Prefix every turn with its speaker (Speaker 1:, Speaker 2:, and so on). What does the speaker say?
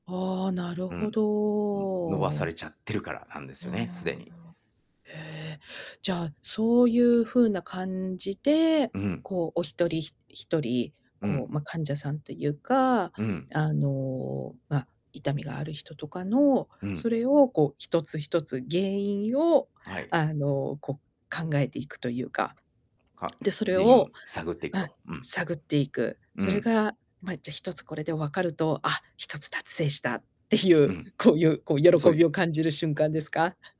Speaker 1: ああ、なる
Speaker 2: う
Speaker 1: ほ
Speaker 2: ん。うん、伸ばさ
Speaker 1: ど。
Speaker 2: れちゃってるからなんです
Speaker 1: うー
Speaker 2: よね、すで
Speaker 1: ん。
Speaker 2: に。
Speaker 1: へ。じゃあ、そうい
Speaker 2: うん。
Speaker 1: う風な感じで、
Speaker 2: うん。
Speaker 1: こう、お一人、ひ一人、
Speaker 2: う
Speaker 1: こ
Speaker 2: ん。
Speaker 1: う、ま、患者さんというか、
Speaker 2: うん。
Speaker 1: あの、ま、痛みがある人とかの、
Speaker 2: うん。
Speaker 1: それを、こう、一つ一つ原因を、
Speaker 2: はい。
Speaker 1: あの、こう、考えていくというか。
Speaker 2: か、
Speaker 1: で、それ
Speaker 2: 原因を
Speaker 1: を、
Speaker 2: 探っていく
Speaker 1: あ、
Speaker 2: と。うん。
Speaker 1: 探っていく。
Speaker 2: う
Speaker 1: それ
Speaker 2: ん。
Speaker 1: が、ま、じゃ、一つこれでわかると、あ、一つ達成したってい
Speaker 2: う
Speaker 1: う、
Speaker 2: ん。
Speaker 1: こういう、こう、喜
Speaker 2: そゆ
Speaker 1: びを感じる瞬間ですか？